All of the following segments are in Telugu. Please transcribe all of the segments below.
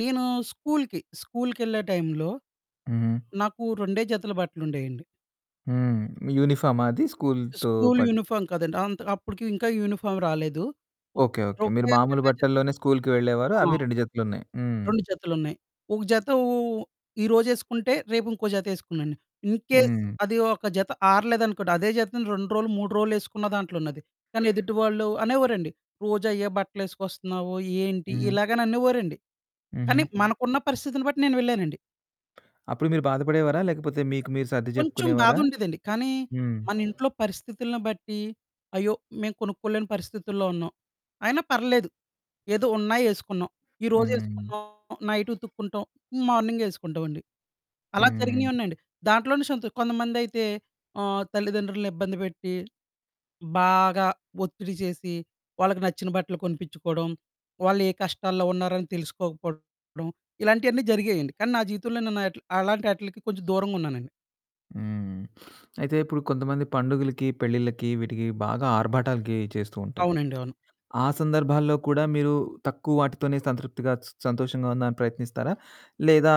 నేను స్కూలుకి స్కూలుకేళ్ళే టైంలో హుహు. నాకు 2 జతల బట్టలుండేయండి. హ్మ్. యూనిఫామా అది స్కూలుతో స్కూలు పట్టు. యూనిఫార్మ్ కాదండి. అంత అప్పటికి ఇంకా యూనిఫార్మ్ రాలేదు. ఒకటి ఓకే. ఓకే. మీరు [unintelligible] మామూలు 2 జత బట్టల్లోనే స్కూలుకి వెళ్ళేవారు ఆ! అవి 2 జతలున్నాయి హ్మ్. 2 జతలున్నాయి. ఒక జత ఓ-ఓ ఓ ఈ రోజేసుకుంటే రేపు ఇంకో జత ఏసుకునేన్ని. ఇన్ కేస్ హ్మ్. అది ఒక జత ఆరలేదనుకోండి అదే జతను 2 రోలు, 3 రోలు ఎసుకున్న దాంట్లో ఉన్నది. కానీ ఎదుటివాళ్ళు అనేవోరండి "రోజు అయే బట్టలేసుకొస్తున్నావు ఏంటి?" హ్మ్. ఇలాగననేవారండి. కానీ హుహు. మనకున్న పరిస్థితిని బట్టి నేను వెళ్ళేనండి. అప్పుడు మీరు బాధపడేవారా? లేకపోతే మీకు మీరు సర్ది కొంచెం చెప్పుకునేవారా? బాధుండేదండి. కానీ హ్మ్. మనింట్లో పరిస్థితులని బట్టి "అయ్యో! మేము కొనుక్కోలేని పరిస్థితుల్లో ఉన్నాం", అయినా పర్లేదు, ఏదో ఉన్నాయి ఏసుకున్నాం. ఈరోజు హ్మ్. ఏసుకున్నాం నైటుతుక్కుంటాం మార్నింగ్ ఏసుకుంటామండి. అలా జరిగినవి హ్మ్. ఉన్నాయండి. దాంట్లోనే సంతో కొంతమందయితే ఆహ్, తల్లిదండ్రులను ఇబ్బంది పెట్టి, బాగా ఒత్తిడి చేసి, వాళ్ళకి నచ్చిన బట్టలు కొనిపించుకోడం, వాళ్ళు ఏ కష్టాల్లో ఉన్నారని తెలుసుకోకపోవడం ఇలాంటియన్నీ జరిగాయండి. కానీ నా జీవితంలో నేను అట్లీ అలాంటాటిల్కి కొంచెం దూరంగా ఉన్నానండి. హ్మ్. అయితే ఇప్పుడు కొంతమంది పండుగలకి, పెళ్ళిళ్ళకి, వీటికి బాగా ఆర్భాటాలకి చేస్తూ ఉంటారు. అవునండి అవును. ఆ! సందర్భాల్లో కూడా మీరు తక్కువ వాటితోనే సంతృప్తిగా స సంతోషంగా ఉందని ప్రయత్నిస్తారా? లేదా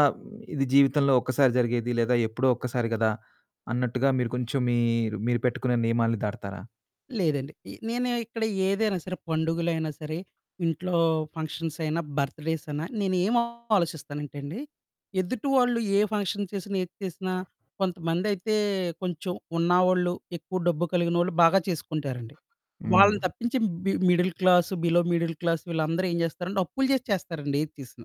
ఇది జీవితంలో ఒక్కసారి జరిగేది, లేదా ఎప్పుడో ఒక్కసారి కదా! అన్నట్టుగా మీరు కొంచెం మీరూ మీరు పెట్టుకునే నియమాల్ని దాటతారా? లేదండి. ఏ నేను ఇక్కడ ఏదైనా సరే, పండుగలైనా సరే, ఇంట్లో ఫంక్షన్స్ అయిన, బర్త్ డేస్ అయిన, నేను ఏమోలోచిస్తానంటేండి ఎదుటి వాళ్ళు ఏ ఫంక్షన్ చేసినా, ఏది చేసినా, కొంతమందైతే కొంచెం ఉన్నవాళ్ళు ఎక్కువ డబ్బు కలిగినోళ్ళు బాగా చేసుకుంటారండి. వాళ్ళని హ్మ్. తప్పించి బి middle class below middle class వీళ్ళందరూ ఏం చేస్తారంటే అప్పులు చేసి చేస్తారండి. ఏది చేసినా.